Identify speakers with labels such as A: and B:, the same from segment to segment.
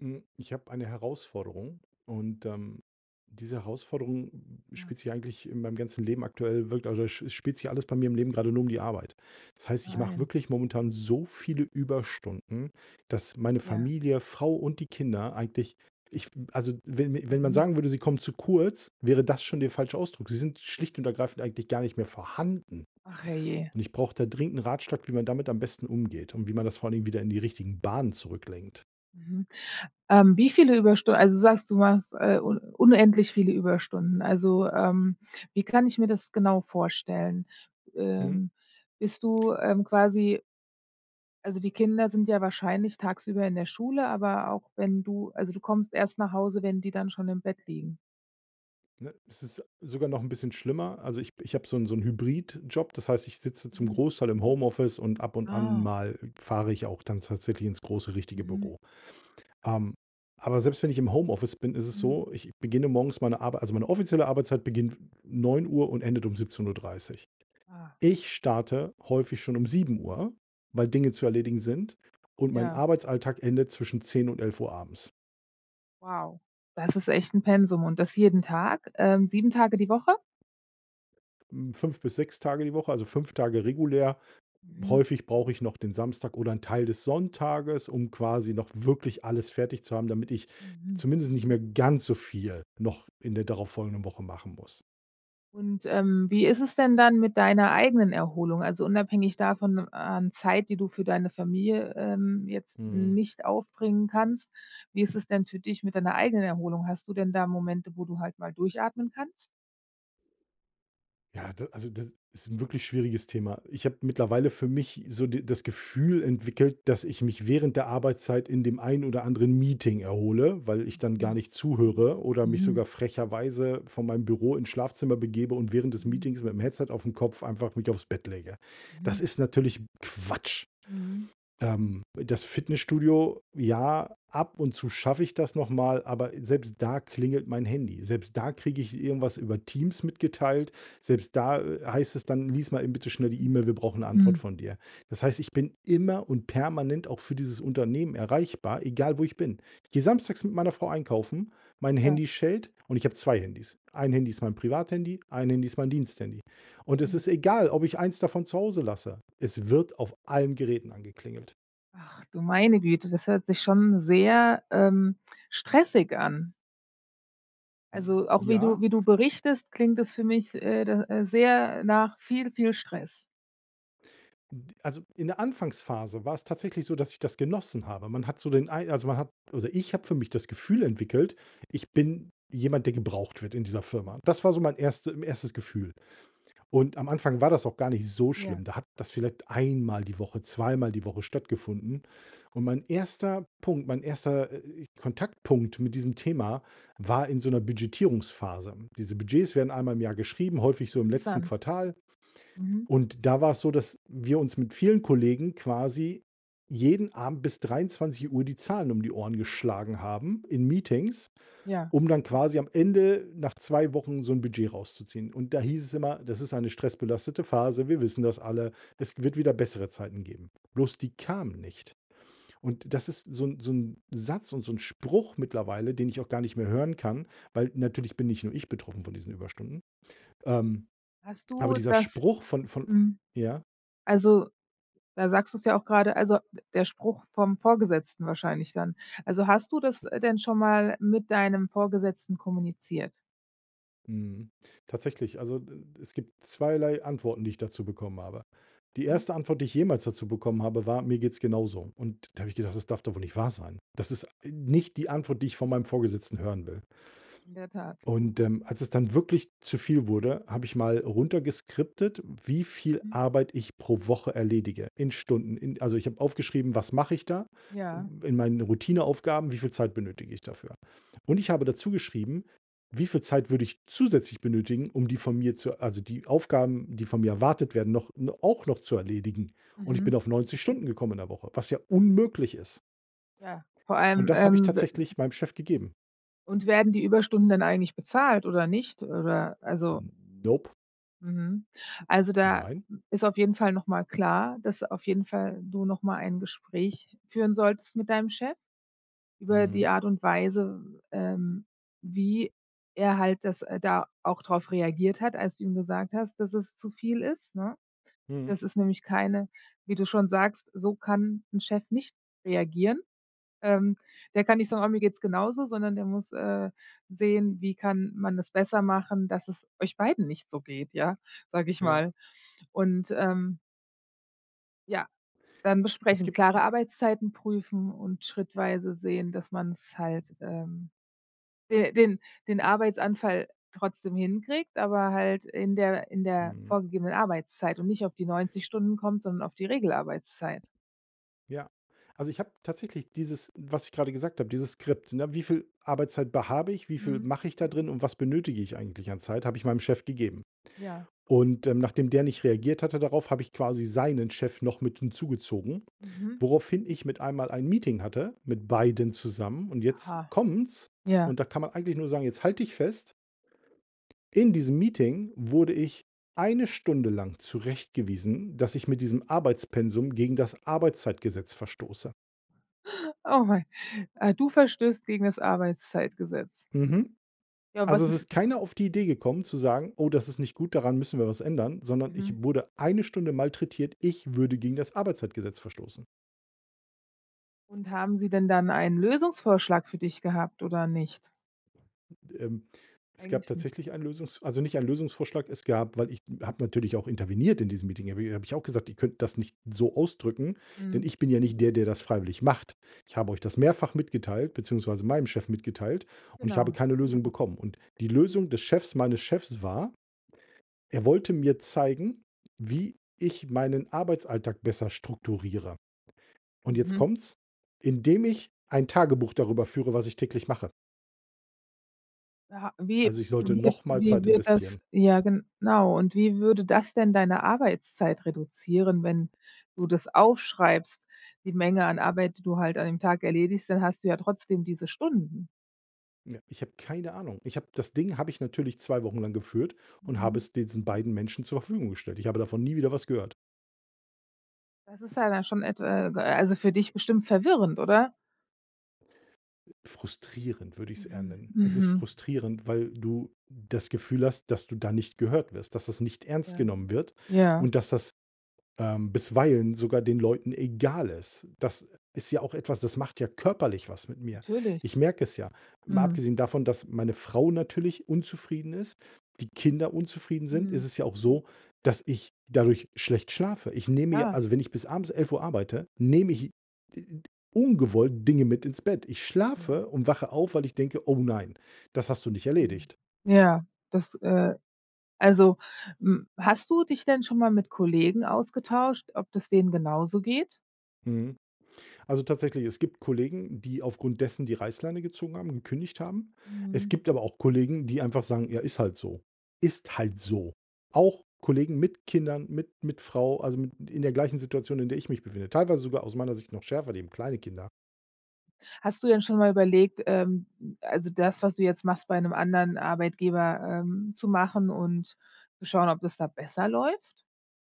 A: Mm, ich habe eine Herausforderung. Und ähm, diese Herausforderung
B: Ja.
A: spielt sich eigentlich in meinem ganzen Leben aktuell, wirk also, sch spielt sich alles bei mir im Leben grade nur die Arbeit. Das heißt, ich mache
B: Nein.
A: wirklich momentan so viele Überstunden, dass meine
B: Ja.
A: Familie, Frau und die Kinder eigentlich, ich also, wenn wenn man
B: Mhm.
A: sagen würde, sie kommen zu kurz, wäre das schon der falsche Ausdruck. Sie sind schlicht und ergreifend eigentlich gar nicht mehr vorhanden.
B: Ach, herrje.
A: Und ich brauche da dringend 'n Ratschlag, wie man damit am besten umgeht und wie man das vor allen Dingen wieder in die richtigen Bahnen zurücklenkt.
B: Mhm, ähm, wie viele Überstunden also, du sagst, du machst, äh, un unendlich viele Überstunden. Also, ähm, wie kann ich mir das genau vorstellen?
A: Mhm.
B: Ähm, bist du, ähm, quasi also, die Kinder sind ja wahrscheinlich tagsüber in der Schule, aber auch wenn du also, du kommst erst nach Hause, wenn die dann schon im Bett liegen?
A: Ne? Es ist sogar noch 'n bisschen schlimmer. Also, ich ich habe so 'n so 'n Hybridjob, das heißt, ich sitze zum
B: Mhm.
A: Großteil im Homeoffice und ab und an
B: Ah.
A: mal fahre ich auch dann tatsächlich ins große richtige
B: Mhm.
A: Büro. Ähm, aber selbst wenn ich im Homeoffice bin, ist es
B: Mhm.
A: so, ich beginne morgens meine Arbei also, meine offizielle Arbeitszeit beginnt 09:00 und endet um 17:30.
B: Ah.
A: Ich starte häufig schon um 07:00, weil Dinge zu erledigen sind und mein
B: Ja.
A: Arbeitsalltag endet zwischen 10 und 11:00 abends.
B: Wow, das ist echt 'n Pensum und das jeden Tag, ähm, 7 Tage die Woche?
A: Mm, 5 bis 6 Tage die Woche, also, 5 Tage regulär.
B: Mhm.
A: Häufig brauche ich noch den Samstag oder 'n Teil des Sonntages, um quasi noch wirklich alles fertig zu haben, damit ich
B: Mhm.
A: zumindest nicht mehr ganz so viel noch in der darauf folgenden Woche machen muss.
B: Und, ähm, wie ist es denn dann mit deiner eigenen Erholung? Also, unabhängig davon an Zeit, die du für deine Familie, ähm, jetzt
A: Mhm.
B: nicht aufbringen kannst, wie ist es denn für dich mit deiner eigenen Erholung? Hast du denn da Momente, wo du halt mal durchatmen kannst?
A: Ja, d also, d ist 'n wirklich schwieriges Thema. Ich habe mittlerweile für mich so de das Gefühl entwickelt, dass ich mich während der Arbeitszeit in dem einen oder anderen Meeting erhole, weil ich dann gar
B: Mhm.
A: nicht zuhöre oder mich
B: Mhm.
A: sogar frecherweise von meinem Büro ins Schlafzimmer begebe und während des
B: Mhm.
A: Meetings mit'm Headset aufm Kopf einfach mich aufs Bett lege. Das
B: Mhm.
A: ist natürlich Quatsch.
B: Mhm.
A: Ähm, das Fitnessstudio, ja, ab und zu schaffe ich das noch mal, aber selbst da klingelt mein Handy. Selbst da kriege ich irgendwas über Teams mitgeteilt. Selbst da, äh, heißt es dann: „Lies mal eben bitte schnell die
B: Hm.
A: Email, wir brauchen 'ne Antwort
B: Hm.
A: von dir.“ Das heißt, ich bin immer und permanent auch für dieses Unternehmen erreichbar, egal wo ich bin. Ich gehe Samstags mit meiner Frau einkaufen, mein
B: Ja.
A: Handy schellt und ich habe 2 Handys. Ein Handy ist mein Privathandy, ein Handy ist mein Diensthandy. Und es
B: Mhm.
A: ist egal, ob ich eins davon zu Hause lasse, es wird auf allen Geräten angeklingelt.
B: Ach, du meine Güte, das hört sich schon sehr, ähm, stressig an. Also, auch wie du
A: Ja.
B: wie du berichtest, klingt es für mich äh, do äh, sehr nach viel, viel Stress.
A: N d also, in der Anfangsphase war's tatsächlich so, dass ich das genossen habe. Man hat so den Ei also, man hat oder ich habe für mich das Gefühl entwickelt: „Ich bin jemand, der gebraucht wird in dieser Firma.“
B: Mhm.
A: Das war so mein erste 1. Gefühl. Und am Anfang war das auch gar nicht so schlimm.
B: Ja.
A: Da hat das vielleicht einmal die Woche, zweimal die Woche stattgefunden. Und mein 1. Punkt, mein 1., äh, Kontaktpunkt mit diesem Thema war in so 'ner Budgetierungsphase. Diese Budgets werden einmal im Jahr geschrieben, häufig so im letzten
B: Interessant.
A: Quartal
B: Mhm.
A: und da war's so, dass wir uns mit vielen Kollegen quasi jeden Abend bis 23:00 die Zahlen um die Ohren geschlagen haben in Meetings,
B: Ja.
A: um dann quasi am Ende nach 2 Wochen so 'n Budget rauszuziehen. Und da hieß es immer: „Das ist eine stressbelastete Phase. Wir wissen das alle. Es wird wieder bessere Zeiten geben.“ Bloß die kamen nicht. Und das ist so 'n so 'n Satz und so 'n Spruch mittlerweile, den ich auch gar nicht mehr hören kann, weil natürlich bin nicht nur ich betroffen von diesen Überstunden. Ähm,
B: Hast
A: aber
B: du
A: dieser
B: das
A: Spruch von von
B: mhm.
A: ja?
B: Also, da sagst du's ja auch grade, also, d der Spruch vom Vorgesetzten wahrscheinlich dann. Also, hast du das
A: B
B: denn schon mal mit deinem Vorgesetzten kommuniziert?
A: Mhm. Tatsächlich, also, d d es gibt zweierlei Antworten, die ich dazu bekommen habe. Die
B: Mhm.
A: 1. Antwort, die ich jemals dazu bekommen habe, war: „Mir geht's genauso.“ Und da habe ich gedacht: „Das darf doch wohl nicht wahr sein?“ Das ist nicht die Antwort, die ich von meinem Vorgesetzten hören will.
B: In der Tat.
A: Und, ähm, als es dann wirklich zu viel wurde, habe ich mal runtergeskriptet, wie viel
B: Mhm.
A: Arbeit ich pro Woche erledige in Stunden. In also, ich habe aufgeschrieben: Was mache ich da,
B: Ja.
A: in meinen Routineaufgaben, wie viel Zeit benötige ich dafür? Und ich habe dazu geschrieben: Wie viel Zeit würde ich zusätzlich benötigen, um die von mir zu also, die Aufgaben, die von mir erwartet werden, noch no auch noch zu erledigen. Und ich bin
B: Mhm.
A: auf 90 Stunden gekommen in der Woche, was ja unmöglich ist.
B: Ja, vor
A: Und
B: allem,
A: das habe ich
B: ähm, b
A: tatsächlich meinem Chef gegeben.
B: Und werden die Überstunden dann eigentlich bezahlt oder nicht oder, also
A: Nope.
B: Mhm. Also, da
A: Nein?
B: ist auf jeden Fall noch mal klar, dass auf jeden Fall du noch mal ein Gespräch führen solltest mit deinem Chef über die
A: Mhm.
B: Art und Weise, ähm, wie er halt das äh, da auch drauf reagiert hat, als du ihm gesagt hast, dass es zu viel ist, ne?
A: Mhm.
B: Das ist nämlich keine wie du schon sagst, so kann 'n Chef nicht reagieren. Ähm, der kann nicht sagen: „Oh, mir geht's genauso“, sondern der muss, äh, sehen, wie kann man das besser machen, dass es euch beiden nicht so geht, ja? Sag ich
A: Ja.
B: mal. Und, ähm Ja, dann
A: Es
B: besprechen,
A: gibt
B: klare
A: 'n
B: Arbeitszeiten prüfen und schrittweise sehen, dass man's halt ähm, den den den Arbeitsanfall trotzdem hinkriegt, aber halt in der in der
A: Mhm.
B: vorgegebenen Arbeitszeit und nicht auf die 90 Stunden kommt, sondern auf die Regelarbeitszeit.
A: Ja, also, ich habe tatsächlich dieses was ich gerade gesagt habe, dieses Skript: „Ne, wie viel Arbeitszeit be habe ich, wie viel
B: Mhm.
A: mache ich da drin und was benötige ich eigentlich an Zeit“, habe ich meinem Chef gegeben.
B: Ja.
A: Und, ähm, nachdem der nicht reagiert hatte darauf, habe ich quasi seinen Chef noch mit hinzugezogen,
B: Mhm.
A: woraufhin ich mit einmal ein Meeting hatte mit beiden zusammen und jetzt
B: Aha.
A: kommt's
B: Ja.
A: und da kann man eigentlich nur sagen: „Jetzt halt dich fest!“ In diesem Meeting wurde ich 1 Stunde lang zurechtgewiesen, dass ich mit diesem Arbeitspensum gegen das Arbeitszeitgesetz verstoße.
B: Oh, Mann. Äh, du verstößt gegen das Arbeitszeitgesetz?
A: Mhm.
B: Ja, und
A: Also,
B: was
A: es
B: ist
A: ist keiner auf die Idee gekommen zu sagen: „Oh, das ist nicht gut, daran müssen wir was ändern“, sondern ich
B: Mhm.
A: wurde 1 Stunde malträtiert, ich würde gegen das Arbeitszeitgesetz verstoßen.
B: Und haben sie denn dann einen Lösungsvorschlag für dich gehabt oder nicht?
A: Ähm, es gab
B: Eigentlich nicht.
A: tatsächlich ein Lösungs also, nicht einen Lösungsvorschlag. Es gab weil ich habe natürlich auch interveniert in diesem Meeting, habe habe ich auch gesagt: „Ihr könnt das nicht so ausdrücken, denn
B: Mhm.
A: ich bin ja nicht der, der das freiwillig macht. Ich habe euch das mehrfach mitgeteilt, beziehungsweise meinem Chef mitgeteilt und ich habe
B: Genau.
A: keine Lösung bekommen.“ Und die Lösung des Chefs, meines Chefs war, er wollte mir zeigen, wie ich meinen Arbeitsalltag besser strukturiere. Und jetzt
B: Mhm.
A: kommt's, indem ich ein Tagebuch darüber führe, was ich täglich mache.
B: Aha, wie
A: Also, ich sollte
B: [unintelligible]
A: noch mal
B: wie
A: Zeit
B: wird
A: investieren.
B: das ja, genau. Und wie würde das denn deine Arbeitszeit reduzieren, wenn du das aufschreibst, die Menge an Arbeit, die du halt an dem Tag erledigst, dann hast du ja trotzdem diese Stunden.
A: Ja. Ich habe keine Ahnung. Ich habe das Ding habe ich natürlich 2 Wochen lang geführt und habe
B: Mhm.
A: es diesen beiden Menschen zur Verfügung gestellt. Ich habe davon nie wieder was gehört.
B: Das ist ja dann schon etwa äh, äh, also, für dich bestimmt verwirrend, oder?
A: Frustrierend würde ich's eher
B: Mhm,
A: nennen. Es ist
B: mhm.
A: frustrierend, weil du das Gefühl hast, dass du da nicht gehört wirst, dass das nicht ernst
B: Ja,
A: genommen wird
B: ja.
A: und dass das, ähm, bisweilen sogar den Leuten egal ist. Das ist ja auch etwas, das macht ja körperlich was mit mir.
B: Natürlich.
A: Ich merke es ja. Mal
B: Mhm.
A: abgesehen davon, dass meine Frau natürlich unzufrieden ist, die Kinder unzufrieden sind, ist
B: Mhm.
A: es ja auch so, dass ich dadurch schlecht schlafe. Ich nehme ja
B: Ja.
A: also, wenn ich bis abends 11:00 arbeite, nehme ich, äh, äh, d ungewollt Dinge mit ins Bett. Ich
B: Mhm.
A: schlafe und wache auf, weil ich denke: „Oh, nein, das hast du nicht
B: Mm.
A: erledigt.“
B: Ja, das äh, also, mm, hast du dich denn schon mal mit Kollegen ausgetauscht, ob das denen genauso geht?
A: Mhm. Also, tatsächlich, es gibt Kollegen, die aufgrund dessen die Reißleine gezogen haben, gekündigt haben. Es
B: Mhm.
A: gibt aber auch Kollegen, die einfach sagen: „Ja, ist halt so.“ Ist halt so. Auch Kollegen mit Kindern, mit mit Frau, also, mit in der gleichen Situation, in der ich mich befinde, teilweise sogar aus meiner Sicht noch schärfer, die haben kleine Kinder.
B: Hast du denn schon mal überlegt, ähm, also das, was du jetzt machst, bei 'nem anderen Arbeitgeber, ähm, zu machen und zu schauen, ob das da besser läuft?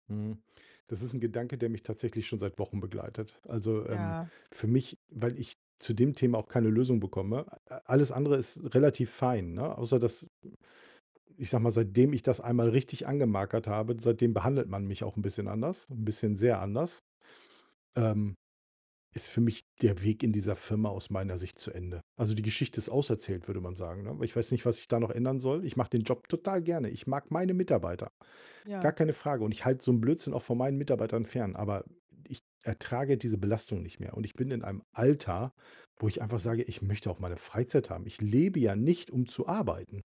A: Mhm. Das ist 'n Gedanke, der mich tatsächlich schon seit Wochen begleitet. Also, ähm,
B: Ja.
A: für mich, weil ich zu dem Thema auch keine Lösung bekomme, äh, äh, alles andere ist relativ fein, ne, außer dass ich sage mal, seitdem ich das einmal richtig angemarkert habe, seitdem behandelt man mich auch 'n bisschen anders, 'n bisschen sehr anders, ähm, ist für mich der Weg in dieser Firma aus meiner Sicht zu Ende. Also, die Geschichte ist auserzählt, würde man sagen, ne? Weil ich weiß nicht, was ich da noch ändern soll. Ich mache den Job total gerne. Ich mag meine Mitarbeiter. Gar
B: Ja.
A: keine Frage. Und ich halte so 'n Blödsinn auch von meinen Mitarbeitern fern, aber ich ertrage diese Belastung nicht mehr. Und ich bin in einem Alter, wo ich einfach
B: Mhm.
A: sage: „Ich möchte auch meine Freizeit haben. Ich lebe ja nicht, um zu arbeiten.“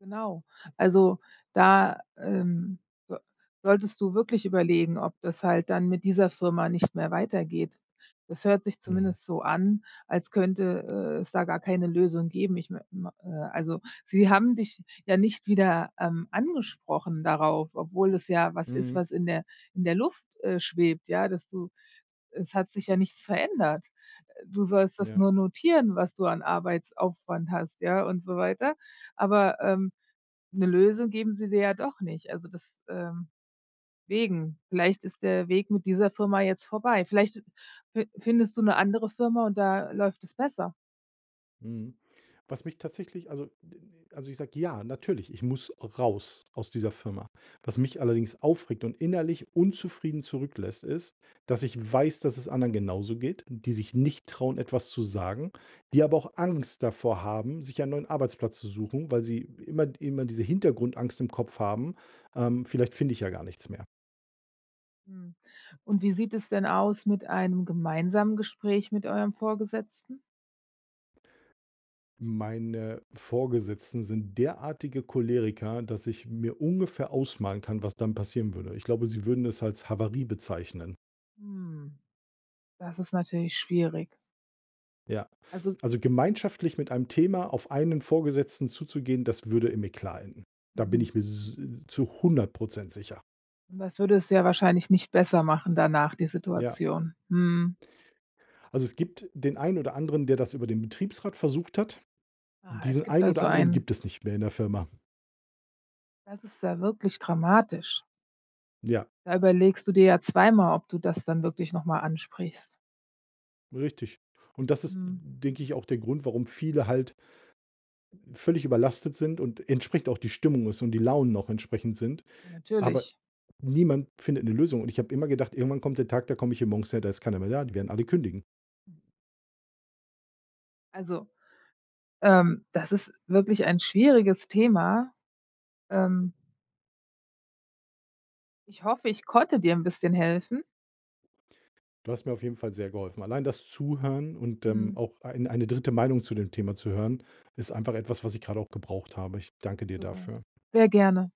B: Genau. Also, da ähm, so solltest du wirklich überlegen, ob das halt dann mit dieser Firma nicht mehr weitergeht. Das hört sich
A: Mhm.
B: zumindest so an, als könnte, äh, es da gar keine Lösung geben. Ich me mei äh, also, sie haben dich ja nicht wieder, ähm, angesprochen darauf, obwohl es ja was ist,
A: Mhm.
B: was in der in der Luft, äh, schwebt, ja, dass du es hat sich ja nichts verändert. Äh, du sollst das
A: Ja.
B: nur notieren, was du an Arbeitsaufwand hast, ja, und so weiter. Aber, ähm, 'ne Lösung geben sie dir ja doch nicht. Also, des ähm, wegen vielleicht ist der Weg mit dieser Firma jetzt vorbei. Vielleicht fin findest du 'ne andere Firma und da läuft es besser.
A: Mhm. Was mich tatsächlich, also, d d also, ich sage: „Ja, natürlich, ich muss raus aus dieser Firma.“ Was mich allerdings aufregt und innerlich unzufrieden zurücklässt, ist, dass ich weiß, dass es anderen genauso geht, die sich nicht trauen, etwas zu sagen, die aber auch Angst davor haben, sich einen neuen Arbeitsplatz zu suchen, weil sie immer immer diese Hintergrundangst im Kopf haben: „Ähm, vielleicht finde ich ja gar nichts mehr.“
B: Mhm. Und wie sieht es denn aus mit einem gemeinsamen Gespräch mit eurem Vorgesetzten?
A: Meine Vorgesetzten sind derartige Choleriker, dass ich mir ungefähr ausmalen kann, was dann passieren würde. Ich glaube, sie würden es als „Havarie“ bezeichnen.
B: Hm. Das ist natürlich schwierig.
A: Ja,
B: Also
A: also, gemeinschaftlich mit einem Thema auf einen Vorgesetzten zuzugehen, das würde im Eklat enden. Da bin
B: Mhm.
A: ich mir s äh, zu 100 % sicher.
B: Und das würde es ja wahrscheinlich nicht besser machen danach, die
A: Ja.
B: Situation. Mhm.
A: Also, es gibt den ein oder anderen, der das über den Betriebsrat versucht hat.
B: Ah. Es
A: Diesen
B: gibt
A: einen oder
B: also
A: anderen
B: ein
A: gibt es nicht mehr in der Firma.
B: Das ist ja wirklich dramatisch.
A: Ja.
B: Da überlegst du dir ja zweimal, ob du das dann wirklich noch mal ansprichst.
A: Richtig. Und das ist,
B: Mhm.
A: denke ich, auch der Grund, warum viele halt völlig überlastet sind und entsprechend auch die Stimmung ist und die Launen noch entsprechend sind. Aber
B: Natürlich.
A: niemand findet 'ne Lösung und ich habe immer gedacht: „Irgendwann kommt der Tag, da komme ich hier morgens her, da ist keiner mehr da, die werden alle kündigen.“
B: Also, ähm, das ist wirklich ein schwieriges Thema. Ähm. Ich hoffe, ich konnte dir 'n bisschen helfen.
A: Du hast mir auf jeden Fall sehr geholfen. Allein das Zuhören und, ähm,
B: Mhm.
A: auch ein eine 3. Meinung zu dem Thema zu hören, ist einfach etwas, was ich grade auch gebraucht habe. Ich danke dir
B: Super.
A: dafür.
B: Sehr gerne.